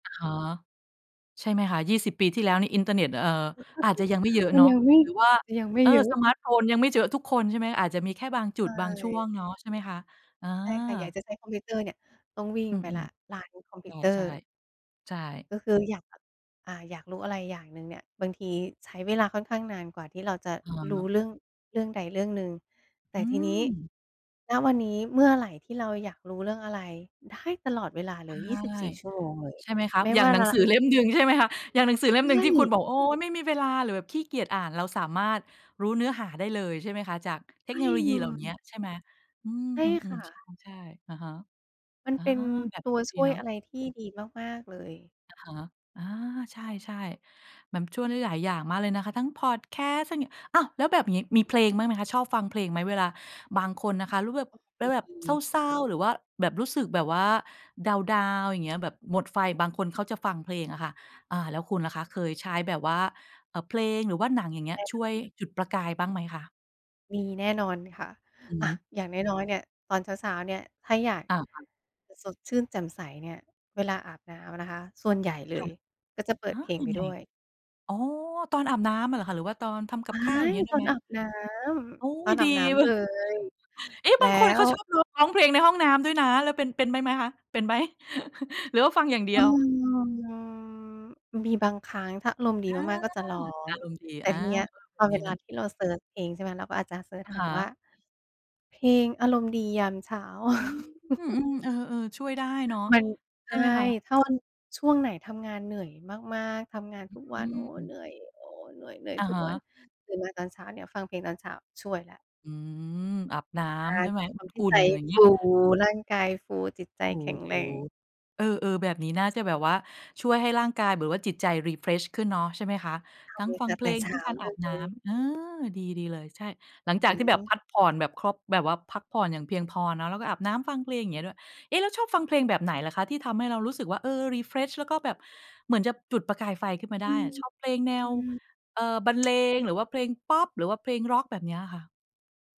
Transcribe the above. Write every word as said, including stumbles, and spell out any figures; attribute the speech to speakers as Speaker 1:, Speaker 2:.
Speaker 1: อะฮะ ใช่ไหมคะ ยี่สิบ ปีที่แล้วในอินเทอร์เน็ต เอ่อ อาจจะยังไม่เยอะ
Speaker 2: มั
Speaker 1: เน
Speaker 2: น
Speaker 1: าะ
Speaker 2: ยังไม่
Speaker 1: หรือว่า
Speaker 2: จะยังไม่
Speaker 1: เออ
Speaker 2: เยอ
Speaker 1: ส
Speaker 2: ะ
Speaker 1: มาร์ตโฟนยังไม่เยอะทุกคนใช่ไหม? อาจจะมีแค่บางจุ
Speaker 2: ใช
Speaker 1: ดบางช่ว
Speaker 2: ่
Speaker 1: งเนาะใช่ไหมคะ? อ
Speaker 2: ใช่ค่ะ อยาก
Speaker 1: า
Speaker 2: จะใช้คอมพิวเตอร์เนี่ย ต้องวิ่ง
Speaker 1: อื
Speaker 2: ไปแล้
Speaker 1: ม
Speaker 2: ว ร้านคอม
Speaker 1: ๆ
Speaker 2: พ
Speaker 1: ใ
Speaker 2: ิวเตอ
Speaker 1: ช
Speaker 2: ร
Speaker 1: ่
Speaker 2: ์
Speaker 1: ๆ ใช่
Speaker 2: ก็คืออยาก อ่า อยากรู้อะไรอย่างหนึ่งเนี่ย บางทีใช้เวลาค่อนข้างนานกว่าที่เราจะ
Speaker 1: อะ
Speaker 2: ร
Speaker 1: ฮ
Speaker 2: ู
Speaker 1: ะ
Speaker 2: ้เรื่อง เรื่องใดเรื่องหนึ่ง แต
Speaker 1: อื
Speaker 2: ่ทีนี้
Speaker 1: ม
Speaker 2: ณ วันนี้เมื่อไรที่เราอยากรู้เรื่องอะไรได้ตลอดเวลา
Speaker 1: ใ
Speaker 2: เ
Speaker 1: ช
Speaker 2: ล
Speaker 1: ่
Speaker 2: ย ยี่สิบสี่ ชั่วโมง เลย
Speaker 1: ใช่ไหมคะ
Speaker 2: ไม่
Speaker 1: อย่า
Speaker 2: ว
Speaker 1: ง
Speaker 2: ่า
Speaker 1: หนั
Speaker 2: ร
Speaker 1: งสือเล่มหนึ่งใช่ไหมคะ อย่างหนังสือเล่มห
Speaker 2: ไ
Speaker 1: นึ
Speaker 2: ม
Speaker 1: ่งที่คุณ
Speaker 2: ่
Speaker 1: บอก โอ้โฮ ไม่มีเวลา หรือแบบขี้เกียจอ่านเราสามารถรู้เนื้อหาได้เลย ใช่ไหมคะ จากเท
Speaker 2: ไม
Speaker 1: ค
Speaker 2: ่
Speaker 1: โนโลย
Speaker 2: เ
Speaker 1: ี
Speaker 2: ล
Speaker 1: เหล่าเนี้ย
Speaker 2: ย
Speaker 1: ใช่ไหม อื
Speaker 2: ใช่ค
Speaker 1: ม
Speaker 2: ่
Speaker 1: ๆ
Speaker 2: ะ
Speaker 1: ๆ ใช่ ๆ อะฮะ
Speaker 2: มัน
Speaker 1: อา
Speaker 2: เป็น
Speaker 1: แบบ
Speaker 2: ต
Speaker 1: น
Speaker 2: ั
Speaker 1: ี้
Speaker 2: วช
Speaker 1: ดี
Speaker 2: ่ว
Speaker 1: เ
Speaker 2: ย
Speaker 1: นาะ
Speaker 2: อะไรที่ดีมาก ๆ เลย
Speaker 1: อะฮะ อ่า ใช่ ๆ เหมือนช่วยได้หลายอย่างมากเลยนะคะ ทั้งพอดแคสต์ ท อ้าว แล้วแบบนี้มีเพลงบ้างไหมคะ ชอบฟังเพลงไหม? เวลาบางคนนะคะ รู้แบบ แล้วแบบเ
Speaker 2: อือ
Speaker 1: ศร้า ๆ หรือว่าแบบรู้สึกแบบว่าดาวน์ ๆ อย่างเงี้ย แบบหมดไฟ บางคนเขาจะฟังเพลงอะค่ะ อ่า แล้วคุณล่ะคะ? เคยใช้แบบว่า เอ่อ เพลง หรือว่าหนังอย่างเงี้ยช่วยจุดประกายบ้างไหมคะ?
Speaker 2: มีแน่นอนค่ะ
Speaker 1: อือ
Speaker 2: อ
Speaker 1: ฮ
Speaker 2: ่า
Speaker 1: ึ
Speaker 2: อย่างน้อย ๆ เนี่ย ตอนเช้า ๆ เนี่ย ถ้าอยาก
Speaker 1: อ่า ๆ
Speaker 2: สดชื่นแจ่มใสเนี่ย เวลาอาบน้ำนะคะ ส่วนใหญ่เล
Speaker 1: ค่ะ
Speaker 2: ยก็จะเปิ
Speaker 1: อ
Speaker 2: ด
Speaker 1: า
Speaker 2: เพลง
Speaker 1: ยั
Speaker 2: ไป
Speaker 1: งไง
Speaker 2: ด้วย
Speaker 1: อ๋อ ตอนอาบน้ำอะเหรอคะ หรือว่าตอนทำก
Speaker 2: ว
Speaker 1: ับ
Speaker 2: ้า
Speaker 1: ข้าวอย่าง
Speaker 2: ย!
Speaker 1: เงี้ยได
Speaker 2: ต
Speaker 1: ้
Speaker 2: อ
Speaker 1: ไห
Speaker 2: น
Speaker 1: ม?
Speaker 2: อาบน้
Speaker 1: โอ้
Speaker 2: ำ
Speaker 1: โ
Speaker 2: ต
Speaker 1: ฮ
Speaker 2: อนอ
Speaker 1: ด
Speaker 2: า
Speaker 1: ี
Speaker 2: บน้
Speaker 1: เว
Speaker 2: ำ
Speaker 1: ้
Speaker 2: เล
Speaker 1: ย
Speaker 2: ย
Speaker 1: เอ๊ะ
Speaker 2: แล
Speaker 1: บ
Speaker 2: ้
Speaker 1: างคนเขา
Speaker 2: ว
Speaker 1: ชอบร้องเพลงในห้องน้ำด้วยนะ แล้วเป็น เป็นด้วยไหมคะ? เป็นไหม? หรือว่าฟังอย่างเดี
Speaker 2: อื
Speaker 1: ยว?
Speaker 2: ม มีบางครั้งถ้าอารมณ์ดี
Speaker 1: อ่า
Speaker 2: มาก ๆ ก็จะรอ
Speaker 1: อารมณ์ดี
Speaker 2: แต่
Speaker 1: อ่า
Speaker 2: ทีเนี้ยพ
Speaker 1: วั
Speaker 2: อ
Speaker 1: น
Speaker 2: เ
Speaker 1: น
Speaker 2: ว
Speaker 1: ี้เ
Speaker 2: ล
Speaker 1: น
Speaker 2: า
Speaker 1: าะ
Speaker 2: ที่เราเซิร์ชเองใช่ไหม เราก็อาจจะเซิร์ช
Speaker 1: อะ
Speaker 2: ห
Speaker 1: ฮ
Speaker 2: าว
Speaker 1: ะ
Speaker 2: ่า เพลงอารมณ์ดียามเช้า
Speaker 1: อืม อือ เออ ๆ ช่วยได้เนาะ
Speaker 2: มัน
Speaker 1: ใ
Speaker 2: ใช
Speaker 1: ช่
Speaker 2: ่
Speaker 1: ไหมคะ?
Speaker 2: ถ้าวัน ช่วงไหนทำงานเหนื่อยมาก ๆ ทำงานทุกว
Speaker 1: อื
Speaker 2: ัน โอ้โฮ เห
Speaker 1: ม
Speaker 2: นื่อย โอ้โฮ เหนื่อย เหนื่อย
Speaker 1: อะ
Speaker 2: ทุ
Speaker 1: ฮ
Speaker 2: กวัน
Speaker 1: ะ
Speaker 2: ตื่นมาตอนเช้าเนี่ยฟังเพลงตอนเช้า ช่วยแล้ว
Speaker 1: อืม อาบน้
Speaker 2: ใช่
Speaker 1: ำใช่ไหม
Speaker 2: ต
Speaker 1: น
Speaker 2: อ
Speaker 1: ้
Speaker 2: นท
Speaker 1: ำ
Speaker 2: ี
Speaker 1: อ
Speaker 2: ่
Speaker 1: ุ่
Speaker 2: ใจ
Speaker 1: นอย่างเง
Speaker 2: ฟ
Speaker 1: ี้
Speaker 2: ู
Speaker 1: ย
Speaker 2: ร่างกายฟู จิตใจ
Speaker 1: โอ้โ
Speaker 2: แข็ง
Speaker 1: ฮ
Speaker 2: แรง
Speaker 1: เออ ๆ แบบนี้น่าจะแบบว่าช่วยให้ร่างกายแบบว่าจิตใจ refresh ขึ้นเนาะ ใช่ไหมคะ?
Speaker 2: ท
Speaker 1: ทั้งฟ
Speaker 2: ำ
Speaker 1: ั
Speaker 2: แต
Speaker 1: ง
Speaker 2: ่
Speaker 1: เพ
Speaker 2: แต
Speaker 1: ล
Speaker 2: ่
Speaker 1: ง
Speaker 2: เช
Speaker 1: ทั้
Speaker 2: ้
Speaker 1: ง
Speaker 2: า
Speaker 1: การอ
Speaker 2: เ
Speaker 1: าบน
Speaker 2: ล
Speaker 1: ้
Speaker 2: ย
Speaker 1: ำ เออ ดี ๆ เลย ใช่ หลังจ
Speaker 2: อ
Speaker 1: า
Speaker 2: ื
Speaker 1: กที่แบบพ
Speaker 2: ม
Speaker 1: ักผ่อนแบบครบ แบบว่าพักผ่อนอย่างเพียงพอเนาะ แล้วก็อาบน้ำ ฟังเพลงอย่างเงี้ยด้วย เอ๊ะ แล้วชอบฟังเพลงแบบไหนล่ะคะ? ที่ทำให้เรารู้สึกว่า เออ refresh แล้วก็แบบ เหมือนจะจุดประกายไฟขึ้นมาได
Speaker 2: อ
Speaker 1: ้
Speaker 2: ื
Speaker 1: อะ ชอบเพลงแนว
Speaker 2: ม
Speaker 1: เอ่อ บรรเล
Speaker 2: ๆ
Speaker 1: ง หรือว่าเพลงพอป หรือว่าเพลงร็อกแบบเนี้ยค่ะ?